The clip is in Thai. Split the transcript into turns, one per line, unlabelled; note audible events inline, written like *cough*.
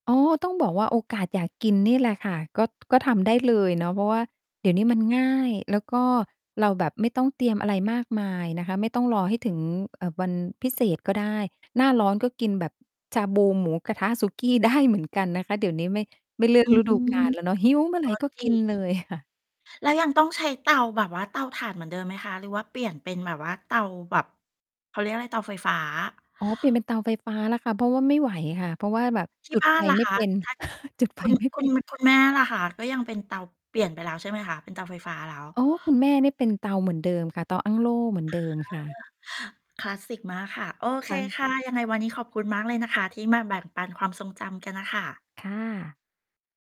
อ๋อ ต้องบอกว่าโอกาสอยากกินนี่แหละค่ะ ก็ ก็ทำได้เลยเนาะ เพราะว่าเดี๋ยวนี้มันง่าย แล้วก็เราแบบไม่ต้องเตรียมอะไรมากมายนะคะ ไม่ต้องรอให้ถึง อ่า วันพิเศษก็ได้ หน้าร้อนก็กินแบบ ชาบู หมูกระทะ สุกี้ ได้เหมือนกันนะคะ เดี๋ยวนี้ไม่ ไม่เลือ
อ
ก
ื
ฤดู
ม
กาล แล้วเน
ก
าะ หิวเมื่อไหร่
็
ก็
จร
ก
ิ
ิน
ง
เลยค่ะ
แล้วยังต้องใช้เตาแบบว่าเตาถ่านเหมือนเดิมไหมคะ หรือว่าเปลี่ยนเป็นแบบว่าเตาแบบ เขาเรียกว่าไร เตาไฟฟ้า?
อ๋อ เปลี่ยนเป็นเตาไฟฟ้าแล้วค่ะ เพราะว่าไม่ไหวค่ะ เพราะว่าแบบ
ที
จ
่
ุด
บ้า
ไฟ
นล่ะ
ไม่
คะ
เป็น
ถ้าเกิด
*chuckles* จุดไฟ
คุณ
ไม่
ค
เป
ุณ
็น
คุณแม่ล่ะค่ะก็ยังเป็นเตา เปลี่ยนไปแล้วใช่ไหมคะ? เป็นเตาไฟฟ้าแล้ว
อ๋อ คุณแม่เนี่ยเป็นเตาเหมือนเดิมค่ะ เตาอั้งโล่เหมือน
อ
เดิมค่ะ
า คลาสสิกมากค่ะ โอเ
ค
ค
่ะ
ค่ะ ยังไงวันนี้ขอบคุณมากเลยนะคะที่มาแบ่งปันความทรงจำกันน่ะค่ะ
ค่ะ